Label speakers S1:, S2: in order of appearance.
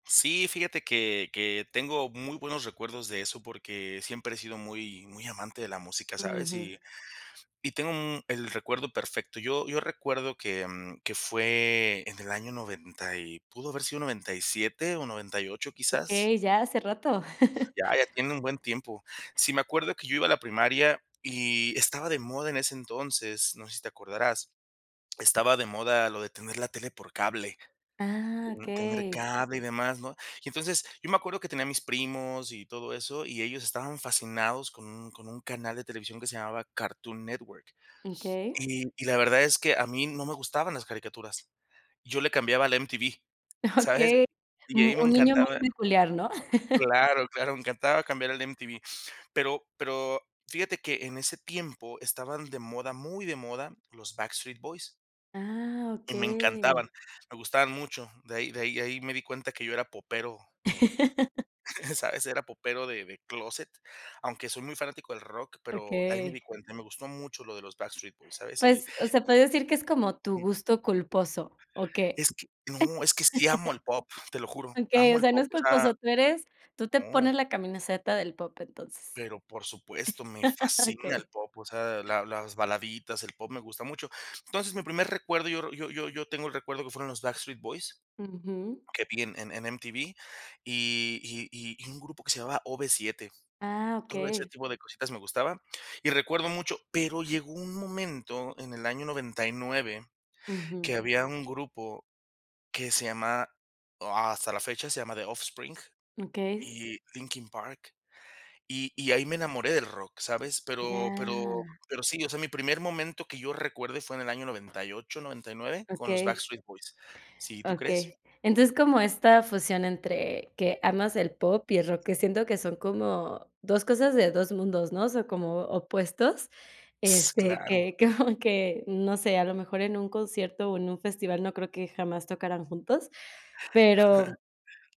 S1: Sí, fíjate que que tengo muy buenos recuerdos de eso, porque siempre he sido muy muy amante de la música, ¿sabes?
S2: Ujú.
S1: Y y tengo un el recuerdo perfecto. Yo yo recuerdo que, mm, que fue en el año 90 y, pudo haber sido 97, o 98, quizás.
S2: Okey, ya hace rato.
S1: Ya, ya tiene un buen tiempo. Sí, me acuerdo que yo iba a la primaria y estaba de moda en ese entonces, no sé si te acordarás, estaba de moda lo de tener la tele por cable,
S2: Ah,
S1: mm, tener
S2: okey.
S1: cable, y demás, ¿no? Y entonces, yo me acuerdo que tenía a mis primos y todo eso, y ellos estaban fascinados con un con un canal de televisión que se llamaba Cartoon Network.
S2: Okey.
S1: Y y la verdad es que a mí no me gustaban las caricaturas. Yo le cambiaba al MTV, ¿sabes?
S2: Okey.
S1: Y de
S2: Mu
S1: ahí me
S2: un niño muy
S1: encantaba
S2: peculiar, ¿no?
S1: claro, claro, me encantaba cambiar al MTV. Pero pero, fíjate que en ese tiempo estaban de moda, muy de moda, los Backstreet Boys.
S2: Ah,
S1: Y me
S2: okey.
S1: encantaban, me gustaban mucho. De ahí de ahí de ahí me di cuenta que yo era popero, eh, ¿sabes? Era popero de de clóset, aunque soy muy fanático del rock, pero ahí me di
S2: Okey.
S1: cuenta. Me gustó mucho lo de los Backstreet Boys, ¿sabes? Y
S2: Pues, o sea, puede decir que es como tu gusto culposo, ¿o qué?
S1: es que, no, es que sí amo al pop, te lo juro,
S2: Okey,
S1: amo
S2: o
S1: al
S2: sea, no
S1: pop,
S2: es
S1: o sea
S2: culposo. Tú eres tú te
S1: no.
S2: pones la camiseta del pop, entonces.
S1: Pero, por supuesto, me fascina el
S2: Okey.
S1: pop, o sea, de la las baladitas, el pop me gusta mucho. Entonces, mi primer recuerdo, yo yo yo yo tengo el recuerdo que fueron los Backstreet Boys,
S2: Ujú.
S1: que vi en en en MTV, y y y y un grupo que se llamaba OB7.
S2: Ah,
S1: Todo ese
S2: okey.
S1: tipo de cositas me gustaban. Y recuerdo mucho pero llegó un momento, en el año 99, que
S2: Ujú.
S1: había un grupo que se llamaba o, hasta la fecha se llama The Offspring
S2: Okey.
S1: y Linkin Park, y y ahí me enamoré del rock, ¿sabes? Pero pero
S2: Ya.
S1: pero sí, o sea, mi primer momento que yo recuerde fue en el año 98, 99, con los
S2: Okey.
S1: Backstreet Boys. Sí, ¿tú crees?
S2: Okey. Entonces, como esta fusión entre que amas el pop y el rock, que siento que son como 2 cosas de 2 mundos, ¿no? O sea, como opuestos,
S1: S
S2: este,
S1: claro.
S2: que como que, no sé, a lo mejor en un concierto, o, en un festival no creo que jamás tocaran juntos, pero